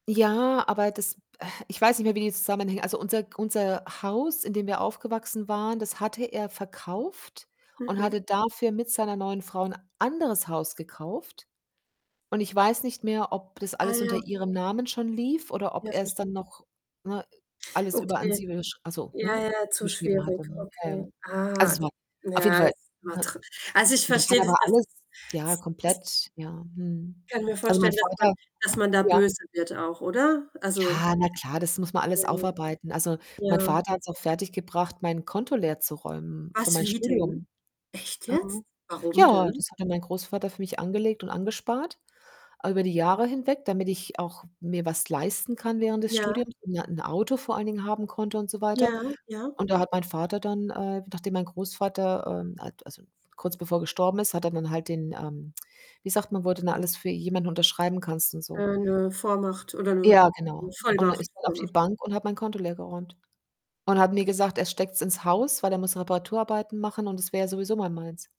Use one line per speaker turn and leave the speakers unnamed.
Ja, aber das äh, ich weiß nicht mehr, wie die zusammenhängen also, unser G unser Haus, in dem wir aufgewachsen waren, das hatte er verkauft und
Mhm.
hatte dafür mit seiner neuen Frau 'n anderes Haus gekauft und ich weiß nicht mehr, ob das
Ah
alles unter
ja.
ihrem Namen schon lief oder ob
Ja,
er's dann
verstehe.
noch ne, alles über an
Okay.
sie überschr ach so,
Ja,
ne,
ja, zu
überschrieben
schwierig.
hatte, ne? Ja, ja.
Okay.
Also,
Ah,
es
da
war auf jeden
ja,
Fall,
ist immer
ne?
drin. Also, ich
Ja,
verstehe,
da
dass
war
dass
alles
es
ja,
s das
komplett, ja. Mhm.
Kann mir
Also, mein
vorstellen, dass man
Vater hm,
dass man da
ja.
böse wird auch, oder? Also
Ja, na klar, das muss man alles
[unintelligible]
aufarbeiten. Also, mein
Ja.
Vater hat's auch fertiggebracht, mein Konto leerzuräumen für
Was
mein
wie denn?
Studium.
Echt jetzt?
Mhm.
Warum
Ja,
denn?
das hatte mein Großvater für mich angelegt und angespart über die Jahre hinweg, damit ich auch mir was leisten kann während des
Ja.
Studiums und ein Auto vor allen Dingen haben konnte und so weiter
Ja, ja.
und da hat mein Vater dann, äh, nachdem mein Großvater, ähm al also, kurz bevor er gestorben ist, hat er dann halt den, ähm wie sagt man, wo du denn alles für jemanden unterschreiben kannst und so?
Äh, 'ne Vormacht oder 'ne
Ja, genau.
'ne
Und dann
Vollmacht,
ist er auf die
Vollmacht.
Bank und hat mein Konto leergeräumt und hat mir gesagt, er steckt's ins Haus, weil er muss Reparaturarbeiten machen und das wäre ja sowieso mal meins.